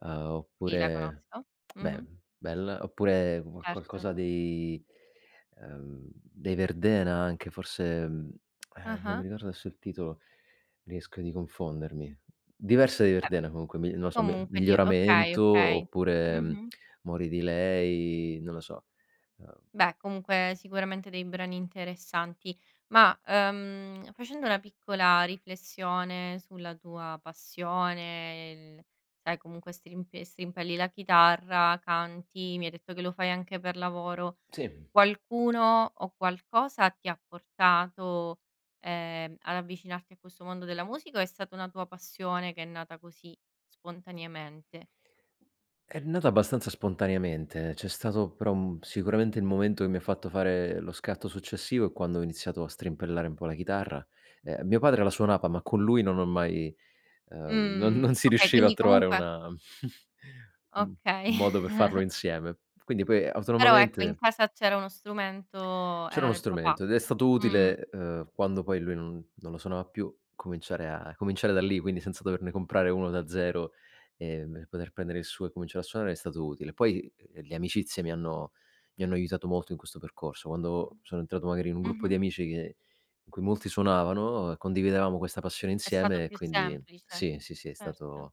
Uhm, Sì, la oppure conosco, beh, mh-mh. bella, oppure qua Certo. qualcosa dei ehm, dei Verdena anche forse, mhmm, ehm, non mi Ah-ah. ricordo adesso il titolo, rischio di confondermi. Diverse di [unintelligible] Verdena comunque, mi non lo so Mi comunque di okay, Miglioramento okay. oppure, mhmm, Mh-mh. Muori delay, non lo so, ehm Beh, comunque sicuramente dei brani interessanti. Ma, ehm, facendo una piccola riflessione sulla tua passione, l sai comunque strimpe strimpelli la chitarra, canti, mi hai detto che lo fai anche per lavoro, Sì. qualcuno o qualcosa ti ha portato, ehm, ad avvicinarti a questo mondo della musica o è stata una tua passione che è nata così spontaneamente? È nata abbastanza spontaneamente, c'è stato però un sicuramente il momento che mi ha fatto fare lo scatto successivo è quando ho iniziato a strimpellare un po' la chitarra. Ehm, mio padre la suonava, ma con lui non ho mai ehm, non Mh, non si okay, riusciva a quindi trovare comunque una un Okay. un modo per farlo insieme. Quindi poi Però ecco in autonomamente casa c'era uno strumento C'era era uno del papà. strumento ed è stato Mh. utile, ehm, quando poi lui non non lo suonava più cominciare a cominciare da lì, quindi senza doverne comprare uno da zero, ehm, e poter prendere il suo e cominciare a suonare è stato utile. Poi, uhm, le amicizie mi hanno mi hanno aiutato molto in questo percorso. Quando sono entrato magari in un gruppo Mh-mh. di amici che in cui molti suonavano, condividevamo questa passione È stato insieme e più quindi semplice, sì, sì, sì, è certo. stato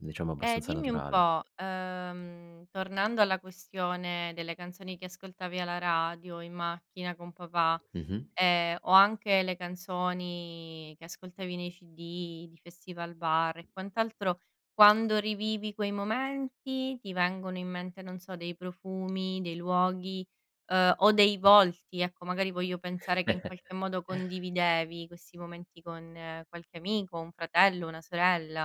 diciamo E abbastanza dimmi un naturale. po', ehm, tornando alla questione delle canzoni che ascoltavi alla radio in macchina con papà, Mh mh. ehm, o anche le canzoni che ascoltavi nei CD di Festivalbar e quant'altro, quando rivivi quei momenti ti vengono in mente, non so, dei profumi, dei luoghi, uhm, o dei volti. Ecco, magari voglio pensare che in qualche modo condividevi questi momenti con qualche amico, un fratello, una sorella.